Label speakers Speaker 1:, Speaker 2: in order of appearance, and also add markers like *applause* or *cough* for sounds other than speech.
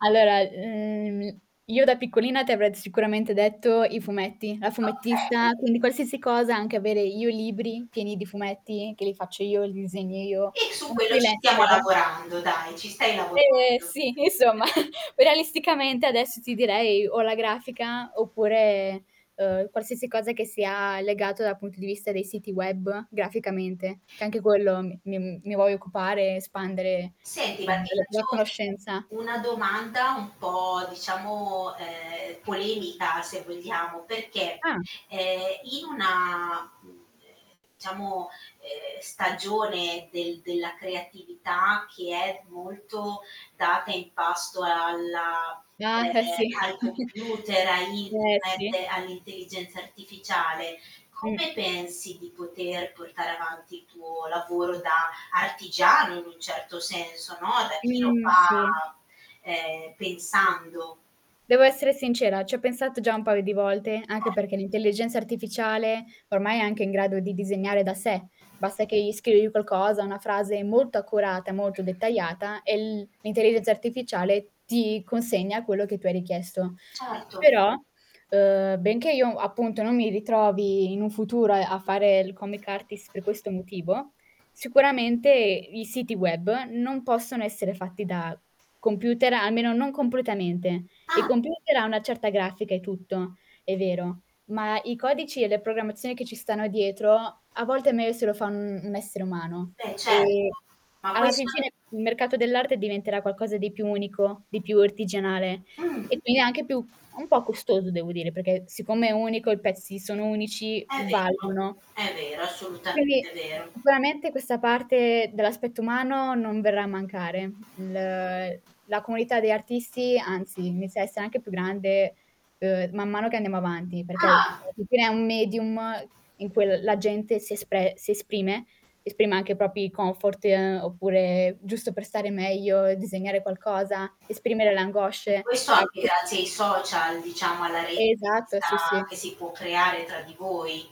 Speaker 1: Allora, ehm, mi io da piccolina ti avrei sicuramente detto i fumetti, la fumettista,
Speaker 2: Okay.
Speaker 1: quindi qualsiasi cosa, anche avere io libri pieni di fumetti, che li faccio io, li disegno io,
Speaker 2: E su
Speaker 1: una
Speaker 2: quello ci stiamo
Speaker 1: freelancer.
Speaker 2: lavorando dai, ci stai lavorando.
Speaker 1: Eh, sì, insomma *chuckles* o realisticamente adesso ti direi o la grafica, oppure, uhm, qualsiasi cosa che sia legato dal punto di vista dei siti web graficamente, che anche quello mi mi mhmm, mi voglio occupare espandere,
Speaker 2: Senti, ma
Speaker 1: uhm,
Speaker 2: ti
Speaker 1: della tua
Speaker 2: faccio
Speaker 1: conoscenza.
Speaker 2: una domanda un po' diciamo, ehm, polemica se vogliamo, perché,
Speaker 1: Ah.
Speaker 2: ehm, in una, mhmm, diciamo, uhm, stagione del della creatività che è molto data in pasto alla
Speaker 1: Ah, eh sì.
Speaker 2: ehm, ai
Speaker 1: *chuckles*
Speaker 2: computer, a
Speaker 1: Eh, sì.
Speaker 2: internet, all'intelligenza artificiale,
Speaker 1: Mh.
Speaker 2: come pensi, di poter portare avanti il tuo lavoro da artigiano, in un certo senso, no? Da chi lo
Speaker 1: Mhmm, sì.
Speaker 2: fa, ehm, pensando?
Speaker 1: Devo essere sincera, ci ho pensato già un paio di volte, anche
Speaker 2: Ah.
Speaker 1: perché l'intelligenza artificiale ormai è anche in grado di disegnare da sé, basta che gli scrivi qualcosa, una frase molto accurata, molto dettagliata, e l l'intelligenza artificiale ti consegna quello che tu hai richiesto.
Speaker 2: Certo.
Speaker 1: Però, ehm, benché io appunto non mi ritrovi in un futuro a fare il comic artist per questo motivo, sicuramente i siti web non possono essere fatti da computer, almeno non completamente. Il
Speaker 2: Ah.
Speaker 1: computer ha una certa grafica e tutto, è vero, ma i codici e le programmazioni che ci stanno dietro a volte è meglio se lo fa un n' essere umano
Speaker 2: Beh, certo,
Speaker 1: e
Speaker 2: ma
Speaker 1: alla fin
Speaker 2: questo
Speaker 1: fine il mercato dell'arte diventerà qualcosa di più unico, di più artigianale
Speaker 2: Mhmm.
Speaker 1: e quindi anche più un po' costoso devo dire, perché siccome è unico, i pezzi sono unici,
Speaker 2: È vero
Speaker 1: valgono.
Speaker 2: è vero,
Speaker 1: Quindi
Speaker 2: assolutamente vero.
Speaker 1: sicuramente questa parte dell'aspetto umano non verrà a mancare. L la comunità degli artisti, anzi, inizia a essere anche più grande, ehm, man mano che andiamo avanti, perché alla
Speaker 2: Ah.
Speaker 1: fin fine è un medium in cui l la gente si espre si esprime, esprime anche i propri comfort, ehm, oppure giusto per stare meglio, disegnare qualcosa, esprimere le
Speaker 2: E
Speaker 1: angosce.
Speaker 2: questo anche
Speaker 1: *unintelligible*
Speaker 2: grazie ai social, diciamo alla rete che
Speaker 1: Esatto, sì,
Speaker 2: sta
Speaker 1: sì.
Speaker 2: che si può creare tra di voi.